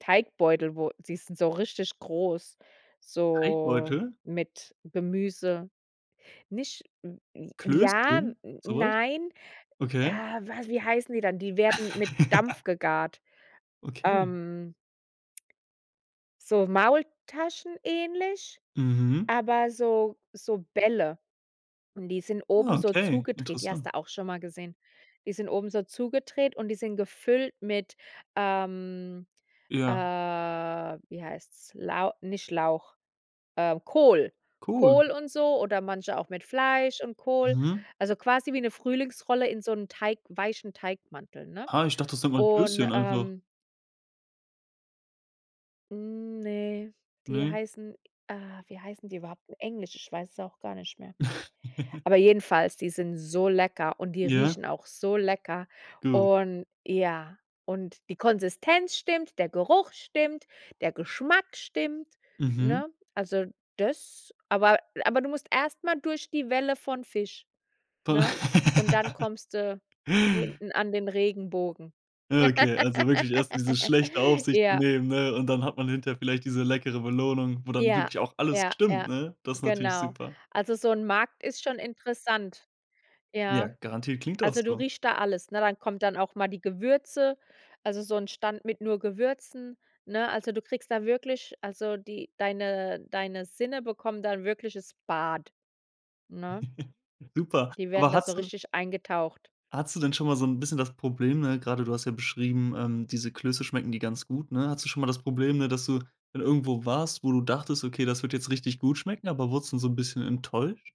Teigbeutel, wo die sind so richtig groß, so Teigbeutel? mit Gemüse. Nicht, w j ja, n Klöschen, sowas? nein. Okay. Ja, wa wie heißen die dann? Die werden mit Dampf gegart. Okay. Ähm So Maultaschen ähnlich, Mhm. aber so so Bälle. Und die sind oben Ah, so okay. zugedreht. Die hast Interessant. du auch schon mal gesehen. Die sind oben so zugedreht und die sind gefüllt mit, ähm, äh, Ja. wie heißt's? Lau nicht Lauch, ähm, Kohl. Kohl. Kohl und so oder manche auch mit Fleisch und Kohl. Mhm. Also, quasi wie 'ne Frühlingsrolle in so 'n Teig weichen Teigmantel, ne? Ah, ich dachte, es nennt man Und, Klöschen einfach. ähm Hm, ne. Die Ne? heißen ah, wie heißen die überhaupt? In Englisch, ich weiß es auch gar nicht mehr. Aber jedenfalls, die sind so lecker und die Ja. riechen auch so lecker. Gut. Und ja und die Konsistenz stimmt, der Geruch stimmt, der Geschmack stimmt, Mhm. ne? Also das aber aber du musst erst mal durch die Welle von Fisch, Von ne? Und dann kommst du hinten an den Regenbogen. Ah, okay. Also, wirklich erst dieses Schlechte auf sich Ja. nehmen, ne? Und dann hat man hinterher vielleicht diese leckere Belohnung, wo dann Ja, wirklich auch alles ja, stimmt, ja, ne? Das ist natürlich genau. super. Also, so 'n Markt ist schon interessant. Ja, Ja. garantiert klingt auch Also, du so. riechst da alles, ne? Dann kommen dann auch mal die Gewürze, also so 'n Stand mit nur Gewürzen, ne? Also, du kriegst da wirklich also, die deine deine Sinne bekommen da 'n wirkliches Bad, ne? Super. Die werden Aber da so hattest du richtig eingetaucht. Hattest du denn schon mal so 'n bisschen das Problem, ne, gerade du hast ja beschrieben, ähm, diese Klöße schmecken die ganz gut, ne? Hattest du schon mal das Problem, ne, dass du dann irgendwo warst, wo du dachtest: „Okay, das wird jetzt richtig gut schmecken“, aber wurdest du trotzdem so 'n bisschen enttäuscht?